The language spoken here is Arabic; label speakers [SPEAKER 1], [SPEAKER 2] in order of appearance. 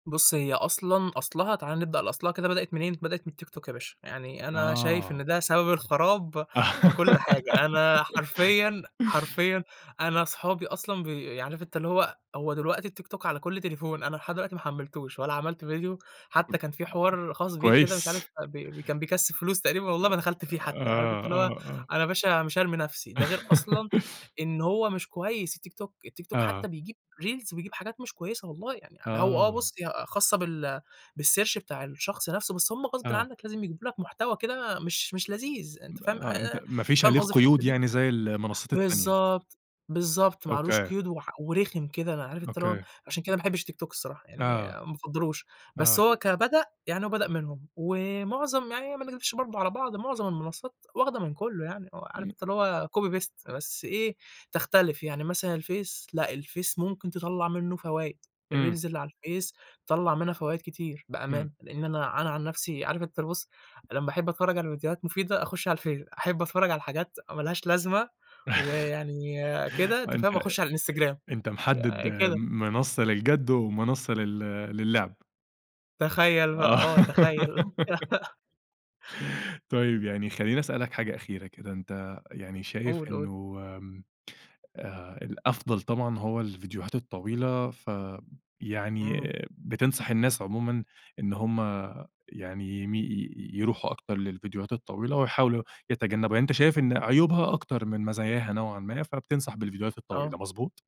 [SPEAKER 1] بُص، هي أصلًا أصلها تعالَ نبدأ لأصلها كده بدأت منين؟ بدأت من الTikTok يا باشا. يعني أنا شايف
[SPEAKER 2] آه.
[SPEAKER 1] إن ده سبب الخَرَاب في كل حاجة. أنا حرفيًا حرفيًا أنا صحابي أصلًا ب عارف أنت اللي هو هو دلوقتي الTikTok على كل تليفون، أنا لحد دلوقتي ما حمّلتهوش ولا عملت فيديو. حتّى كان في حوار خاص بيه كده مش عارف
[SPEAKER 2] كويس.
[SPEAKER 1] فب ب كان بيكسِّب فلوس تقريبًا والله
[SPEAKER 2] أ
[SPEAKER 1] ما دخلت فيه حتّى، عارف أنت
[SPEAKER 2] آه،
[SPEAKER 1] اللي هو،
[SPEAKER 2] آه، آه.
[SPEAKER 1] أنا يا باشا مش هارمي نفسي، ده غير أصلًا إن هو مش كويس الTikTok، الTikTok
[SPEAKER 2] آه.
[SPEAKER 1] حتّى بيجيب Reels وبيجيب حاجات مش كويسة والله يعني هو آه.
[SPEAKER 2] آه.
[SPEAKER 1] بُص، يا خاصة بال بالsearch بتاع الشخص نفسه، بس هم غصبٍ
[SPEAKER 2] آه.
[SPEAKER 1] عنّك لازم يجيبوا لك محتوى كده مش مش لذيذ أنت فاهم؟
[SPEAKER 2] ما آه. أنت
[SPEAKER 1] آآ
[SPEAKER 2] ما فيش
[SPEAKER 1] فاهم
[SPEAKER 2] عليه
[SPEAKER 1] قصدي في
[SPEAKER 2] قيود
[SPEAKER 1] الحتة دي؟
[SPEAKER 2] يعني زي المنصّات التانية.
[SPEAKER 1] بالضبط، بالضبط. ما عليهوش
[SPEAKER 2] أوكي.
[SPEAKER 1] قيود وح ورخم كده. أنا عارف أنت اللي هو،
[SPEAKER 2] أوكي.
[SPEAKER 1] عشان كده ما باحبش الTikTok الصراحة، يعني
[SPEAKER 2] آه.
[SPEAKER 1] ما أفضّلهوش. بس
[SPEAKER 2] آه.
[SPEAKER 1] هو كبدأ، يعني هو بدأ منهم ومعظم يعني ما نكدبش برضه على بعض، معظم المنصّات واخدة من كُلّه يعني آه. عارف
[SPEAKER 2] إمم.
[SPEAKER 1] أنت اللي هو copy، paste بس إيه، تختلف. يعني مثلًا الفيس، لأ الفيس ممكن تطلّع منّه فوايد.
[SPEAKER 2] إمم.
[SPEAKER 1] الReels اللي على الفيس تطلّع منها فوايد كتير بأمانة.
[SPEAKER 2] إمم.
[SPEAKER 1] لإن أنا أنا عن نفسي عارف أنت ال بُص، لمّا أحِب أتفرّج على فيديوهات مفيدة، أخُش على الفيس. أحِب أتفرّج على حاجات ما لهاش لازمة ويعني كده، أنت
[SPEAKER 2] وأنت
[SPEAKER 1] فاهم
[SPEAKER 2] أ
[SPEAKER 1] أخُش على الInstagram
[SPEAKER 2] أنت محدّد
[SPEAKER 1] يا كده.
[SPEAKER 2] م منصّة للجَد ومنصّة لل للعب.
[SPEAKER 1] تخّيل بقى
[SPEAKER 2] آه.
[SPEAKER 1] آه. تخيّل بقى.
[SPEAKER 2] طيب يعني خلّيني أسألك حاجة أخيرة كده، أنت يعني شايف
[SPEAKER 1] قُل، قُل.
[SPEAKER 2] إنه آمم آآ الأفضل طبعًا هو الفيديوهات الطويلة ف يعني
[SPEAKER 1] إمم.
[SPEAKER 2] بتنصح الناس عمومًا إن هم يعني يمي ي يروحوا أكتر للفيديوهات الطويلة ويحاولوا يتجنّبوا؟ يعني أنت شايف إن عيوبها أكتر من مزاياها نوعًا ما، فبتنصح بالفيديوهات الطويلة
[SPEAKER 1] آه.
[SPEAKER 2] مضبوط؟